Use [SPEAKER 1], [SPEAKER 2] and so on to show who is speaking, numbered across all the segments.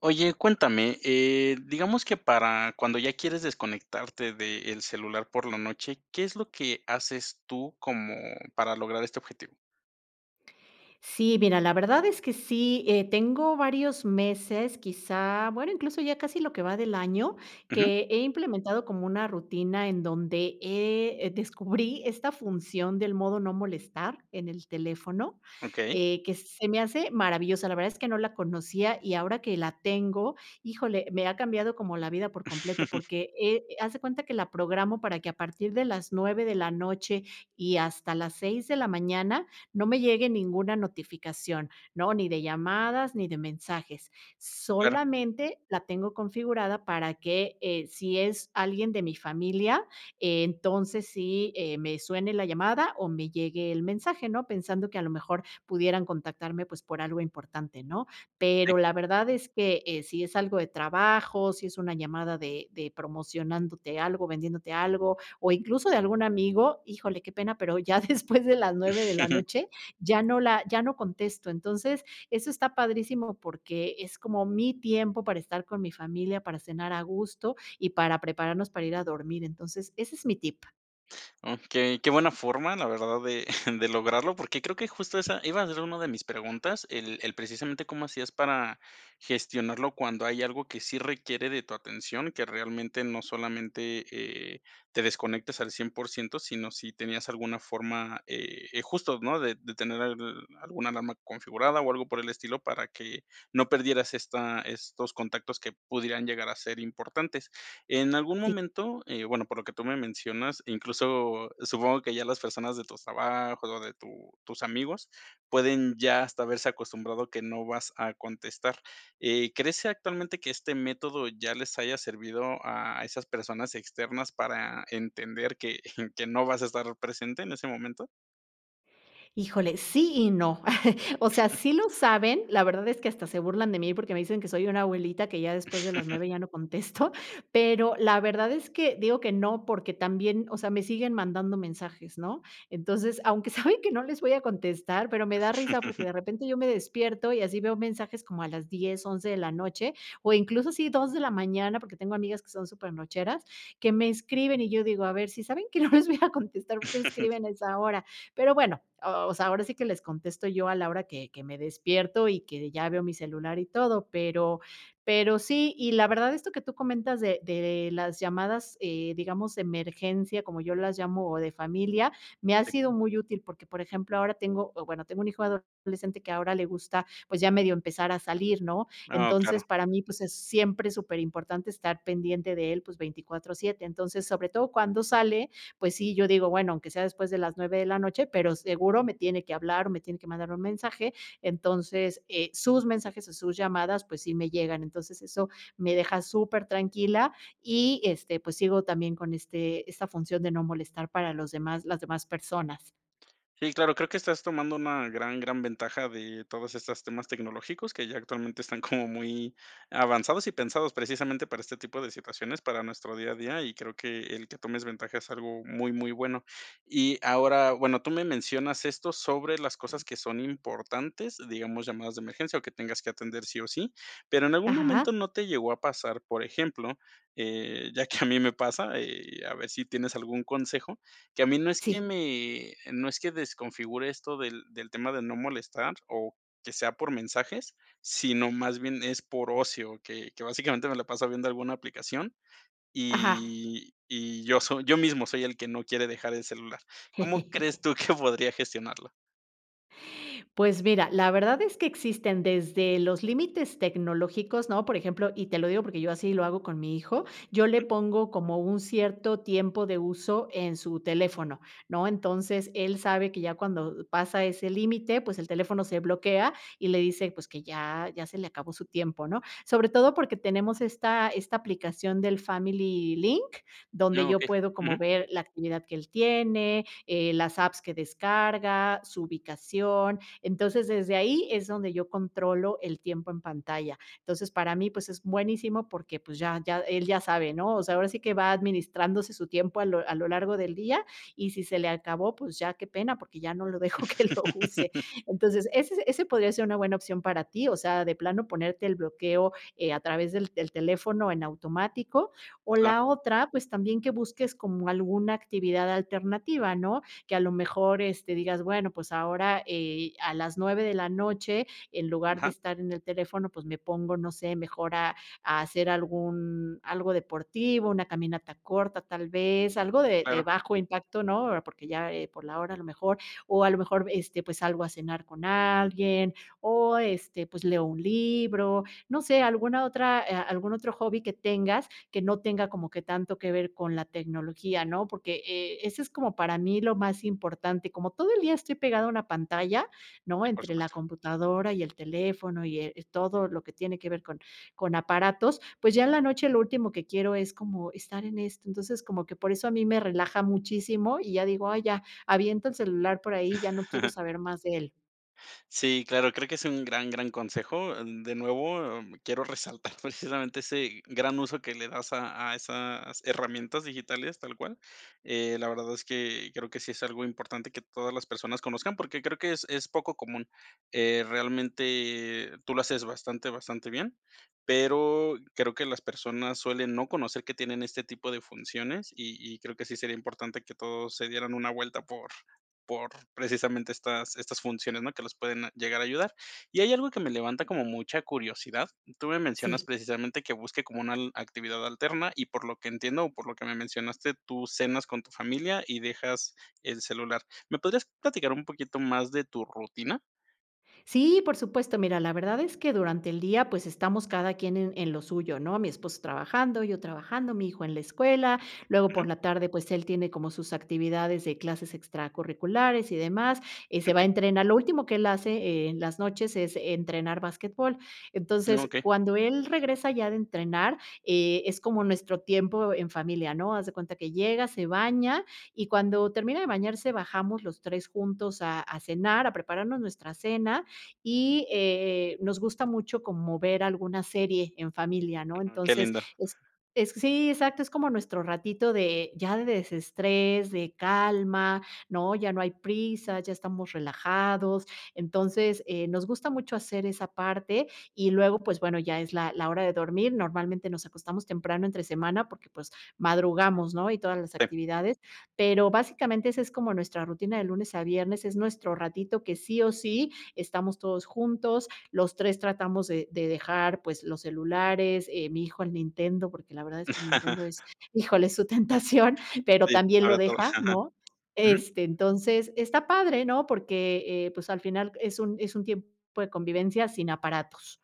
[SPEAKER 1] Oye, cuéntame, eh, digamos que para cuando ya quieres desconectarte del celular por la noche, ¿qué es lo que haces tú, como para lograr este objetivo?
[SPEAKER 2] Sí, mira la verdad es que sí, eh, tengo varios meses, quizá bueno, incluso, ya casi lo que va del año,
[SPEAKER 1] Ujú.
[SPEAKER 2] que he implementado como una rutina, en donde he descubrí esta función del modo no molestar en el teléfono,
[SPEAKER 1] Okey.
[SPEAKER 2] eh, que se me hace maravillosa. La verdad es que no la conocía y ahora que la tengo, híjole, me ha cambiado como la vida por completo. Porque, eh, haz de cuenta que la programo para que a partir de las 9, de la noche y hasta las 6, de la mañana, no me llegue ninguna notificación, ¿no? Ni de llamadas ni de mensajes.
[SPEAKER 1] Claro.
[SPEAKER 2] Solamente la tengo configurada para que, eh, si es alguien de mi familia, entonces sí, eh, me suene la llamada, o me llegue el mensaje, ¿no? Pensando que a lo mejor pudieran contactarme, pues, por algo importante, ¿no?
[SPEAKER 1] Sí.
[SPEAKER 2] Pero, la verdad es que, eh, sí es algo de trabajo, si es una llamada de de promocionándote algo, vendiéndote algo, o incluso de algún amigo, híjole, qué pena, pero, ya después de las 9, de la noche, ya no la ya no contesto. Entonces, eso está padrísimo porque, es como mi tiempo para estar con mi familia, para cenar a gusto y para prepararnos para ir a dormir. Entonces, ese es mi tip.
[SPEAKER 1] Okey. Qué buena forma, la verdad, de de lograrlo, porque, creo que justo esa iba a ser una de mis preguntas, el el precisamente cómo hacías para gestionarlo cuando hay algo que sí requiere de tu atención, que realmente, no solamente, eh, te desconectes al 100%, sino si tenías alguna forma, eh eh, justo, ¿no? De de tener alguna alarma configurada, o algo por el estilo para que no perdieras esta estos contactos que pudieran llegar a ser importantes. En algún
[SPEAKER 2] Sí.
[SPEAKER 1] momento eh, bueno, por lo que tú me mencionas, incluso, supongo que ya las personas de tus trabajo o de tu tus amigos, pueden ya hasta haberse acostumbrado que no vas a contestar. Eh, ¿crees actualmente que este método ya les haya servido a a esas personas externas para entender que que no vas a estar presente en ese momento?
[SPEAKER 2] Híjole, sí y no. O sea, sí lo saben, la verdad es que hasta se burlan de mí porque me dicen que soy una abuelita que ya después de las 9 ya no contesto, pero la verdad es que digo que no, porque también, o sea, me siguen mandando mensajes, ¿no? Entonces, aunque saben que no les voy a contestar, pero me da risa porque de repente yo me despierto, y así veo mensajes como a las 10, 11 de la noche, o incluso así 2 de la mañana, porque tengo amigas que son súper nocheras, que me escriben, y yo digo: "A ver, sí saben que no les voy a contestar, ¿por qué me escriben a esa hora?". Pero bueno, o o sea, ahora sí que les contesto yo a la hora que que me despierto, y que ya veo mi celular y todo. Pero pero sí y la verdad esto que tú comentas de de las llamadas, eh, digamos, emergencia, como yo las llamo, o de familia, me ha
[SPEAKER 1] Sí.
[SPEAKER 2] sido muy útil, porque, por ejemplo, ahora tengo o bueno, tengo un hijo adolescente que ahora le gusta, pues, ya medio empezar a salir, ¿no?
[SPEAKER 1] Oh,
[SPEAKER 2] Entonces
[SPEAKER 1] claro.
[SPEAKER 2] para mí, pues, es siempre súper importante estar pendiente de él, pues, 24/7. Entonces sobre todo cuando sale, pues sí, yo digo: "Bueno aunque sea después de las 9 de la noche, pero seguro me tiene que hablar o me tiene que mandar un mensaje". Entonces, eh, sus mensajes o sus llamadas, pues, sí me llegan. Entonces, eso me deja súper tranquila y, este, pues, sigo también con este esta función de no molestar para los demás las demás personas.
[SPEAKER 1] Sí, claro, creo que estás tomando una gran, gran ventaja, de todas estas temas tecnológicos, que ya actualmente están como muy avanzados, y pensados precisamente para este tipo de situaciones, para nuestro día a día, y creo que el, que tomes ventaja es algo muy, muy bueno. Y ahora, bueno, tú me mencionas esto, sobre las cosas que son importantes, digamos llamadas de emergencia, o que tengas que atender sí o sí, pero, en algún
[SPEAKER 2] Ajá.
[SPEAKER 1] momento no te llegó a pasar, por ejemplo, eh, ya que a mí me pasa, eh, a ver si tienes algún consejo, que a mí, no es que
[SPEAKER 2] Sí.
[SPEAKER 1] me no es que desconfigure esto del del tema de no molestar, o que sea por mensajes, sino más bien es por ocio, que que básicamente me la paso viendo alguna aplicación,
[SPEAKER 2] Ajá.
[SPEAKER 1] y y yo soy yo mismo soy el que no quiere dejar el celular, ¿cómo crees tú que podría gestionarlo?
[SPEAKER 2] Pues mira, la verdad es que existen, desde los límites tecnológicos, ¿no?, por ejemplo, y te lo digo, porque, yo así lo hago con mi hijo, yo le
[SPEAKER 1] Ujú.
[SPEAKER 2] pongo como un cierto tiempo de uso, en su teléfono, ¿no?, entonces él sabe, que ya cuando, eh, pasa ese límite, pues, el teléfono se bloquea, y le dice, pues, que ya ya se le acabó su tiempo, ¿no?, sobre todo, porque, tenemos esta esta aplicación del Family Link, donde
[SPEAKER 1] Ah,
[SPEAKER 2] yo
[SPEAKER 1] okey.
[SPEAKER 2] puedo como
[SPEAKER 1] Ujú.
[SPEAKER 2] ver, la actividad que él tiene, eh, las apps que descarga, su ubicación, entonces, desde ahí, es donde yo controlo el tiempo en pantalla, entonces, para mí pues es buenísimo, porque pues, ya ya él ya sabe, ¿no?, o sea, ahora sí que, va administrándose su tiempo, a lo a lo largo del día, y si se le acabó, pues, ya qué pena, porque ya no lo dejo que lo use. Entonces, ese ese podría ser una buena opción para ti, o sea, de plano ponerte el bloqueo, eh, a través del del teléfono en automático, o
[SPEAKER 1] Ah.
[SPEAKER 2] la otra, pues, también que busques, como alguna actividad alternativa, ¿no?, que a lo mejor, este, digas, bueno, pues ahora, eh, a las 9, de la noche, en lugar de
[SPEAKER 1] Ajá.
[SPEAKER 2] estar en el teléfono, pues, me pongo, no sé, mejor a a hacer algún algo deportivo, una caminata corta tal vez, algo de de
[SPEAKER 1] Claro.
[SPEAKER 2] bajo impacto, ¿no?, eh, porque, ya, eh, por la hora a lo mejor, o a lo mejor, este, pues, salgo a cenar con alguien o, este, pues leo un libro, no sé, alguna otra, eh, algún otro hobby que tengas, que no tenga como que tanto que ver con la tecnología, ¿no?, porque, eh, eso es como para mí lo más importante. Como todo el día estoy pegado a una pantalla, ¿no?,
[SPEAKER 1] Sí, por
[SPEAKER 2] entre la
[SPEAKER 1] supuesto.
[SPEAKER 2] computadora, y el teléfono y, eh, todo lo que tiene que ver con con aparatos, pues, ya en la noche lo último que quiero es como estar en esto, entonces, como que por eso a mí me relaja muchísimo, y ya digo: "Ay ya, aviento el celular por ahí, ya no quiero saber más de él".
[SPEAKER 1] Sí, claro, creo que es un gran, gran consejo. Eh, de nuevo, eh, quiero resaltar precisamente, ese gran uso que le das, a a esas herramientas digitales tal cual. Eh, la verdad es que creo que sí es algo importante, que todas las personas conozcan, porque, creo que es es poco común. Eh, realmente tú lo haces bastante, bastante bien, pero, creo que las personas suelen no conocer que tienen este tipo de funciones, y y creo que sí sería importante, que todos se dieran una vuelta por por precisamente estas estas funciones, ¿no?, que las pueden llegar a ayudar. Y hay, algo que me levanta como mucha curiosidad. Tú me mencionas,
[SPEAKER 2] Sí.
[SPEAKER 1] precisamente que busque como una al actividad alterna, y por lo que entiendo, o por lo que me mencionaste, tú cenas con tu familia, y dejas el celular, ¿me podrías platicar un poquito más de tu rutina?
[SPEAKER 2] Sí, por supuesto. Mira, la verdad es que durante el día, pues, estamos cada quien en en lo suyo, ¿no? Mi esposo trabajando, yo trabajando, mi hijo en la escuela, luego por
[SPEAKER 1] Ujú.
[SPEAKER 2] la tarde, pues, él tiene como sus actividades de clases extracurriculares y demás, eh, se va a
[SPEAKER 1] Okey.
[SPEAKER 2] entrenar. Lo último que él hace en las noches es entrenar basquetbol.
[SPEAKER 1] Mm,
[SPEAKER 2] Entonces,
[SPEAKER 1] okey.
[SPEAKER 2] cuando él regresa ya de entrenar, eh, es como nuestro tiempo en familia, ¿no? Haz de cuenta que llega, se baña y cuando termina de bañarse, bajamos los 3 juntos a a cenar, a prepararnos nuestra cena y, eh, nos gusta mucho como ver alguna serie en familia, ¿no?
[SPEAKER 1] Ah, qué
[SPEAKER 2] Entonces,
[SPEAKER 1] lindo.
[SPEAKER 2] es es sí, exacto, es como nuestro ratito de ya de desestrés, de calma, ¿no?, ya no hay prisa, ya estamos relajados, entonces, eh, nos gusta mucho hacer esa parte y luego, pues, bueno, ya es la la hora de dormir, normalmente, nos acostamos temprano entre semana, porque, pues, madrugamos, ¿no?, y todas las
[SPEAKER 1] Sí.
[SPEAKER 2] actividades. Pero básicamente, esa es como nuestra rutina de lunes a viernes, es nuestro ratito que sí o sí estamos todos juntos, los 3 tratamos de de dejar, pues, los celulares, eh, mi hijo el Nintendo, porque la verdad es que el Nintendo es híjole, es su tentación, pero
[SPEAKER 1] Sí,
[SPEAKER 2] también lo
[SPEAKER 1] ahora todo
[SPEAKER 2] deja,
[SPEAKER 1] ajá.
[SPEAKER 2] ¿no?
[SPEAKER 1] Ujú.
[SPEAKER 2] Este, entonces, está padre, ¿no? Porque, eh, pues, al final es un es un tiempo de convivencia sin aparatos.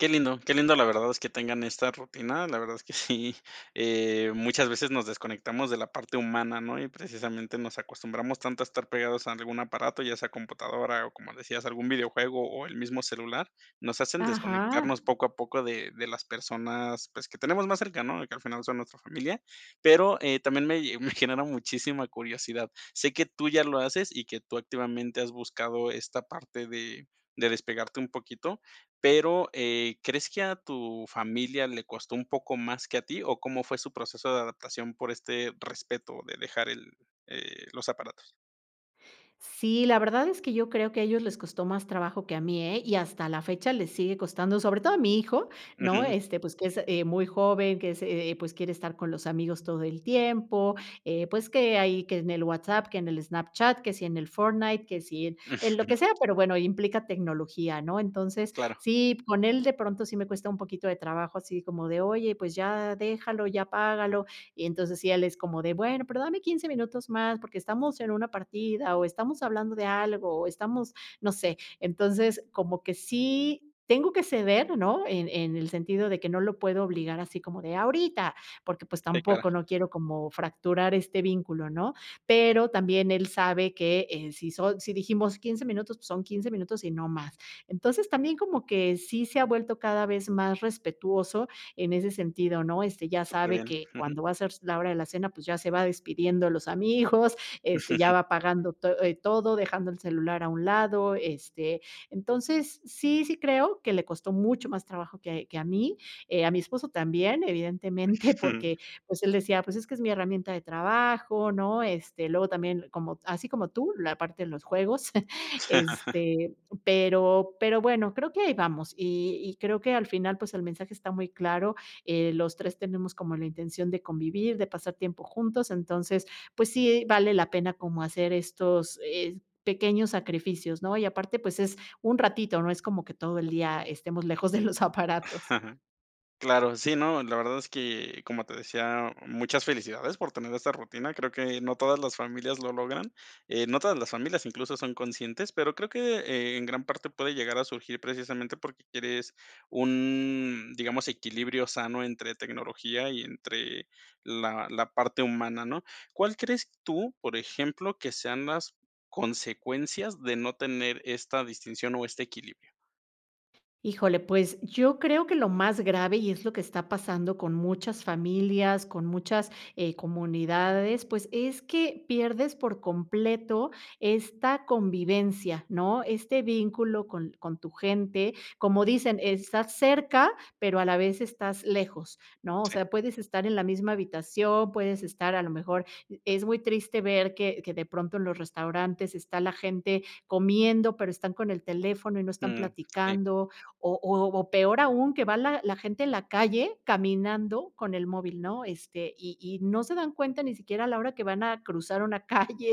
[SPEAKER 1] Qué lindo, qué lindo, la verdad, es que tengan esta rutina, la verdad es que sí, eh, muchas veces nos desconectamos de la parte humana, ¿no? Y, precisamente, nos acostumbramos tanto a estar pegados a algún aparato, ya sea computadora o, como decías, algún videojuego o el mismo celular, nos hacen
[SPEAKER 2] Ajá.
[SPEAKER 1] desconectarnos poco a poco de de las personas, pues, que tenemos más cerca, ¿no?, y que al final son nuestra familia. Pero, eh, también me me genera muchísima curiosidad. Sé que tú ya lo haces y que tú, activamente, has buscado esta parte de de despegarte un poquito, pero, eh, ¿crees que a tu familia le costó un poco más que a ti o cómo fue su proceso de adaptación por este respeto de dejar el eh, los aparatos?
[SPEAKER 2] Sí, la verdad es que yo creo que a ellos les costó más trabajo que a mí, ¿eh?, y hasta la fecha, les sigue costando, sobre todo a mi hijo, ¿no?,
[SPEAKER 1] Ujú.
[SPEAKER 2] este, pues que es, eh, muy joven, que es, eh eh, pues, quiere estar con los amigos todo el tiempo, eh, pues, que ahí que en el WhatsApp, que en el Snapchat, que si en el Fortnite, que si en en lo que sea, pero bueno, implica tecnología, ¿no? Entonces,
[SPEAKER 1] Claro.
[SPEAKER 2] sí, con él, de pronto sí me cuesta un poquito de trabajo así como de: "Oye, pues, ya déjalo, ya apágalo", y entonces, sí, él es como de: "Bueno, pero dame 15 minutos más, porque estamos en una partida o estamos hablando de algo o estamos no sé. Entonces, como que sí tengo que ceder, ¿no?, en en el sentido de que no lo puedo obligar así como de: "¡Ahorita!", porque, pues,
[SPEAKER 1] Sí, claro.
[SPEAKER 2] tampoco, no quiero como fracturar este vínculo, ¿no?
[SPEAKER 1] Sí.
[SPEAKER 2] Pero también él sabe que, eh, si son si dijimos 15 minutos, pues, son 15 minutos y no más. Entonces, también como que sí se ha vuelto cada vez más respetuoso en ese sentido ¿no? Este, ya sabe
[SPEAKER 1] Superbién.
[SPEAKER 2] que
[SPEAKER 1] Ujú.
[SPEAKER 2] cuando va a ser s la hora de la cena, pues ya se va despidiendo de los amigos, este, ya va apagando to eh, todo, dejando el celular a un lado. Este, entonces, sí, sí creo que le costó mucho más trabajo que que a mí. Eh, a mi esposo también, evidentemente, porque, pues, él decía: "Pues, es que es mi herramienta de trabajo", ¿no? Este, luego también como así como tú, la parte de los juegos, este, pero pero bueno, creo que ahí vamos y y creo que, al final, pues, el mensaje está muy claro, eh, los 3 tenemos como la intención de convivir, de pasar tiempo juntos. Entonces, pues, sí vale la pena como hacer estos, eh, pequeños sacrificios, ¿no? Y aparte, pues, es un ratito, no es como que todo el día estemos lejos de los aparatos.
[SPEAKER 1] Claro. Sí, no, la verdad es que, como te decía, muchas felicidades por tener esta rutina. Creo que no todas las familias lo logran, eh, no todas las familias incluso son conscientes, pero creo que en gran parte puede llegar a surgir precisamente, porque quieres un, digamos, equilibrio sano entre tecnología y entre la la parte humana, ¿no? ¿Cuál crees tú, por ejemplo, que sean las consecuencias de no tener esta distinción o este equilibrio?
[SPEAKER 2] Híjole, pues, yo creo que lo más grave, y es lo que está pasando con muchas familias, con muchas, eh, comunidades, pues, es que pierdes por completo esta convivencia, ¿no? Este, vínculo con con tu gente, como dicen, estás cerca pero a la vez estás lejos, ¿no? O
[SPEAKER 1] Sí.
[SPEAKER 2] sea, puedes estar en la misma habitación, puedes estar, a lo mejor es muy triste ver que que de pronto los restaurantes está la gente comiendo, pero, están con el teléfono y no están
[SPEAKER 1] Mm, sí.
[SPEAKER 2] platicando. O o o peor aún, que va la la gente en la calle caminando con el móvil, ¿no? Este, y y no se dan cuenta ni siquiera a la hora que van a cruzar una calle,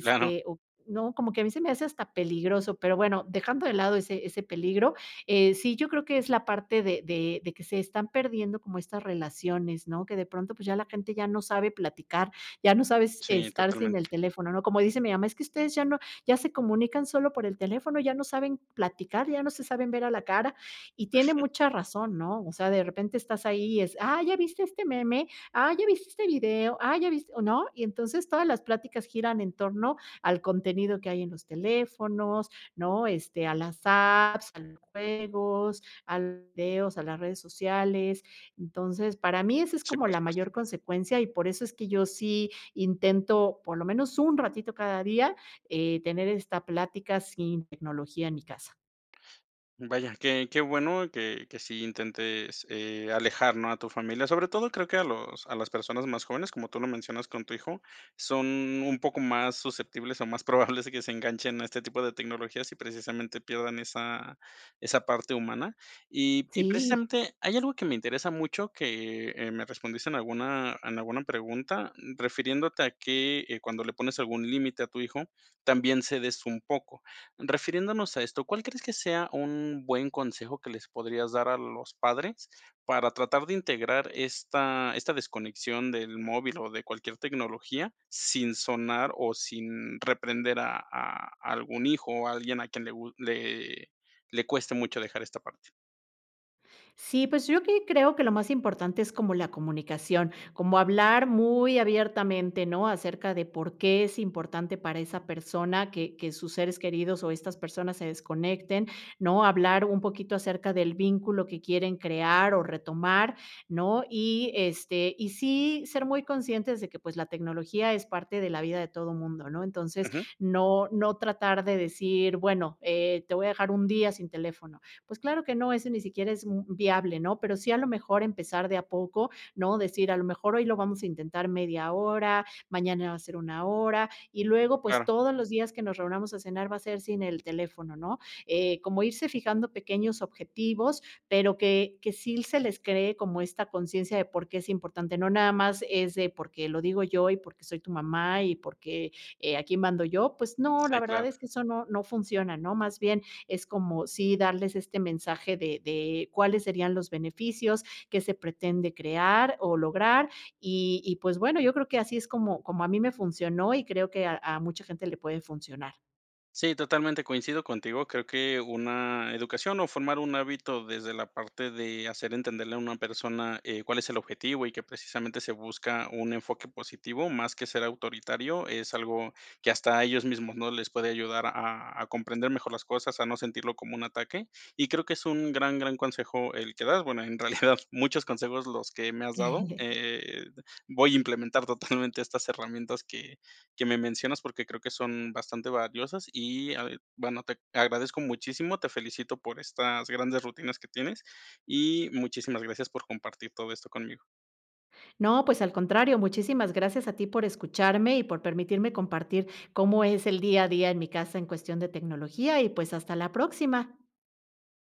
[SPEAKER 1] Claro.
[SPEAKER 2] o no, como que a mí se me hace hasta peligroso, pero, bueno. Dejando de lado, ese ese peligro, eh, sí yo creo que es la parte de de de que se están perdiendo como estas relaciones, ¿no? Que de pronto, pues, ya la gente ya no sabe platicar, ya no sabes
[SPEAKER 1] Sí,
[SPEAKER 2] estar sin el
[SPEAKER 1] totalmente.
[SPEAKER 2] teléfono, ¿no? Como dice mi mamá: "Es que ustedes ya no ya se comunican solo por el teléfono, ya no saben platicar, ya no se saben ver a la cara". Y tiene mucha razón, ¿no? O sea, de repente estás ahí, y es: "Ah, ¿ya viste este meme? Ah, ¿ya viste este video? Ah, ¿ya viste, o no?". Y entonces, todas las pláticas giran en torno al contenido que hay en los teléfonos, ¿no? Este, a las apps, a los juegos, a los videos, a las redes sociales. Entonces, para mí esa es
[SPEAKER 1] Sí,
[SPEAKER 2] como
[SPEAKER 1] por
[SPEAKER 2] la
[SPEAKER 1] supuesto.
[SPEAKER 2] mayor consecuencia y por eso, es que yo sí intento, por lo menos un ratito cada día, eh, tener esta plática sin tecnología en mi casa.
[SPEAKER 1] Vaya, qué qué bueno que que sí intentes, eh, alejar, ¿no?, a tu familia. Sobre todo, creo que a los a las personas más jóvenes, como tú lo mencionas con tu hijo, son un poco más susceptibles. o más probables, que se enganchen a este tipo de tecnologías, y precisamente pierdan esa esa parte humana. Y y
[SPEAKER 2] Sí.
[SPEAKER 1] precisamente hay algo que me interesa mucho, que me respondiste en alguna en alguna pregunta, mm, refiriéndote que, eh, cuando le pones algún límite a tu hijo, también cedes un poco. Refiriéndonos a esto, ¿cuál crees que sea un buen consejo que les podrías dar a los padres, para tratar de integrar esta esta desconexión del móvil, o de cualquier tecnología, sin sonar, o sin reprender a a algún hijo, o alguien a quien le gu le le cueste mucho dejar esta parte?
[SPEAKER 2] Sí, pues, yo aquí creo que lo más importante es como la comunicación, como hablar muy abiertamente, ¿no? Acerca de por qué es importante para esa persona que que sus seres queridos o estas personas se desconecten, ¿no? Hablar un poquito acerca del vínculo que quieren crear o retomar, ¿no? Y, este, y sí ser muy conscientes de que pues la tecnología es parte de la vida de todo mundo, ¿no? Entonces,
[SPEAKER 1] Ujú.
[SPEAKER 2] no no tratar de decir: "Bueno, eh, te voy a dejar un día sin teléfono", pues, claro que no, eso ni siquiera es, mm, viable ¿no? Pero sí, a lo mejor, empezar de a poco, ¿no? Decir: "A lo mejor, hoy lo vamos a intentar media hora, mañana va a ser una hora, y luego, pues
[SPEAKER 1] Claro.
[SPEAKER 2] todos los días que nos reunamos a cenar va a ser sin el teléfono, ¿no?" Eh, como irse fijando pequeños objetivos, pero que que si l se les cree como esta conciencia de por qué es importante. No nada más es de porque lo digo yo y porque soy tu mamá y porque aquí mando yo, pues no, la
[SPEAKER 1] Sí,
[SPEAKER 2] verdad
[SPEAKER 1] claro.
[SPEAKER 2] es que eso no no funciona, ¿no? Más bien es como, sí darles este mensaje de de cuáles serían los beneficios, qué se pretende crear o lograr. Y y, pues, bueno, yo creo que así es como como a mí me funcionó y creo que a a mucha gente le puede funcionar.
[SPEAKER 1] Sí, totalmente, coincido contigo. Creo que una educación o formar un hábito desde la parte de hacer entenderle a una persona, eh, cuál es el objetivo y que precisamente se busca un enfoque positivo, más que ser autoritario, es algo que hasta ellos mismos, ¿no?, les puede ayudar a a comprender mejor las cosas, a no sentirlo como un ataque. Y creo que es un gran, gran consejo el que das, bueno, en realidad, muchos consejos los que me has dado. Eh, voy a implementar totalmente estas herramientas que que me mencionas, porque creo que son bastante valiosas y ya veo bueno, te agradezco muchísimo, te felicito por estas grandes rutinas que tienes, y muchísimas gracias por compartir todo esto conmigo.
[SPEAKER 2] No, pues al contrario, muchísimas gracias a ti por escucharme y por permitirme compartir cómo es el día a día en mi casa en cuestión de tecnología. Y, pues, hasta la próxima.